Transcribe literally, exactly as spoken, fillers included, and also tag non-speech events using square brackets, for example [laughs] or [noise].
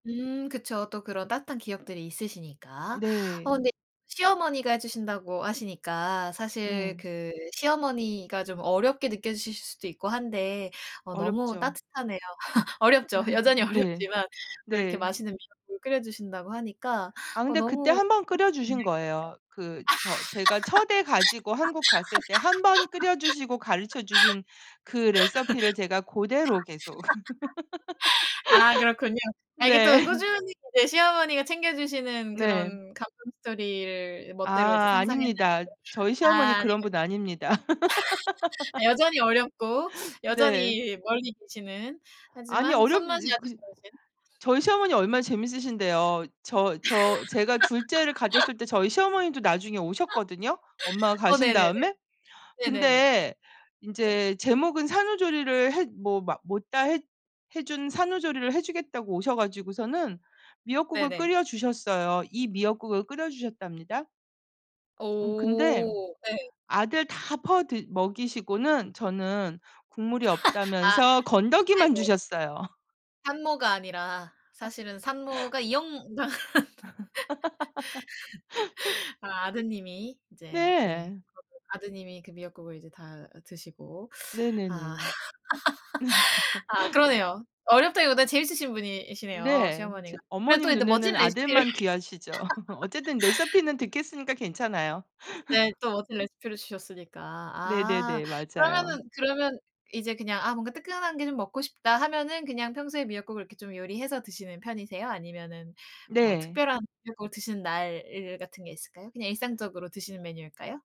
음. 그쵸. 또 그런 따뜻한 기억들이 있으시니까. 어 네. 근데 시어머니가 해 주신다고 하시니까 사실 네. 그 시어머니가 좀 어렵게 느껴지실 수도 있고 한데 어 너무 어렵죠. 따뜻하네요. [laughs] 어렵죠. [laughs] 여전히 네. 어렵지만 또 이렇게 네. 맛있는 미역국을 끓여 주신다고 하니까 아 어 근데 그때 너무 꿈 한 번 끓여 같은 얘기 주신 같아요. 거예요. 그 저 제가 첫애 가지고 한국 갔을 때 한 번 끓여 주시고 가르쳐 주신 그 레서피를 제가 고대로 계속 [laughs] 아. 그렇군요. [laughs] 아 이게 네. 또 꾸준히 이제 시어머니가 챙겨 주시는 네. 그런 감동 스토리를 멋대로 이제 아. 상상했는데. 아닙니다. 저희 시어머니 아. 그런 분 아닙니다. 아니군 [laughs] [laughs] 여전히 어렵고 네. 여전히 멀리 계시는 아니 하지만 어렵지 손맛이 이 그 아주 시 좋으신. 저희 시어머니 얼마나 재밌으신데요. 저 저 제가 둘째를 [laughs] 가졌을 때 저희 시어머니도 나중에 오셨거든요, 엄마가 [laughs] 어 가신 네네네. 다음에. 네네네. 근데 네. 인제 제목은 산후조리를 해 뭐 마 못 다 했 해 준 산후조리를 해 주겠다고 오셔 가지고서는 미역국을 네네. 끓여 주셨어요. 이 미역국을 끓여 주셨답니다. 음. 근데 오. 네. 아들 다 퍼드 먹이시고는 저는 국물이 [laughs] 아. 없다면서 건더기만 아이고. 주셨어요. 산모가 아니라 사실은 [laughs] 산모가 이역만 [laughs] [laughs] 아 아드님이 이제 네. 네. 그러면 아드님이 그 미역국을 이제 다 드시고 아 네네네. [laughs] 아. [laughs] 그러네요. 어렵다기보다는 재밌으신 분이시네요 네. 이제 시어머니가. 그래 또 어머님 인제 멋진 눈에는 레시피를 아들만 귀하시죠. [laughs] 어쨌든 [laughs] 레서피는 득했으니까 괜찮아요. 네. [laughs] 또 멋진 레시피를 주셨으니까. 아 네네네. 맞아요. 그러면은 그러면 이제 그냥 '아 뭔가 뜨끈한 게 좀 먹고 싶다.' 하면은 그냥 평소에 미역국을 좀 요리해서 드시는 편이세요? 아니면은 뭐 네. 특별한 미역국을 드시는 날 같은 게 있을까요? 그냥 일상적으로 드시는 메뉴일까요?